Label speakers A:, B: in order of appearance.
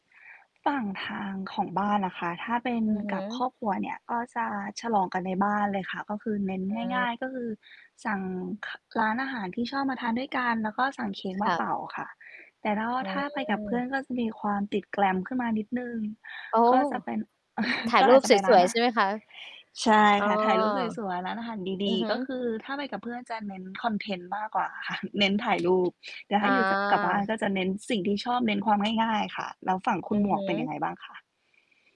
A: ฝั่งทางของบ้านอะค่ะ ถ้าเป็น
B: อือฮ
A: กับค
B: ึ
A: รอบครัวเนี่ย ก็จะฉลองกันในบ้านเลยค่ะ ก็คือเน้น
B: อื
A: ง่
B: ม
A: าย ๆ ก็คือสั่ง ค ร้านอาหารที่ชอบมาทานด้วยกัน แล้วก็สั่งเค้กม
B: ค
A: า
B: ่
A: เ
B: ะ
A: ป่าค่ะ แต่ถ้าว่
B: อ
A: า
B: ื
A: ถ้าไปกับเพื่อ
B: ม
A: นก็จะมีความติด glam ขึ้นมานิดหนึ่ง
B: โอ้
A: ก็จะเป็น
B: ถ่า
A: ก
B: ย
A: ็
B: ร
A: อ
B: ู
A: า
B: ป
A: จจะ
B: ส
A: ไปร้า
B: ว
A: น
B: ย
A: อ
B: ๆ
A: า
B: ใช
A: หา
B: ่ไห
A: ร
B: ม
A: ทะเ
B: คะ?
A: ล ใช่
B: เออ
A: ค่ะ ถ่ายรูปสวย ๆ ร้านอาหารด
B: อื
A: ี
B: อฮ
A: ๆ ก็
B: ึ
A: คือถ้าไปกับเพื่อนจะเน้นคอนเทนต์มากกว่าค่ะ เน้น ถ่ายรูป แต่ถ
B: อ
A: ้าอยู่จะ กับบ้าน
B: า
A: ก็จะเน้นสิ่งที่ชอบเน้นความง่าย ๆ ค่ะ แล้วฝั่งค
B: อ
A: ุ
B: ื
A: ณห
B: อ
A: ม
B: ฮ
A: วกเป็นยัง
B: ึ
A: ไงบ้างคะ?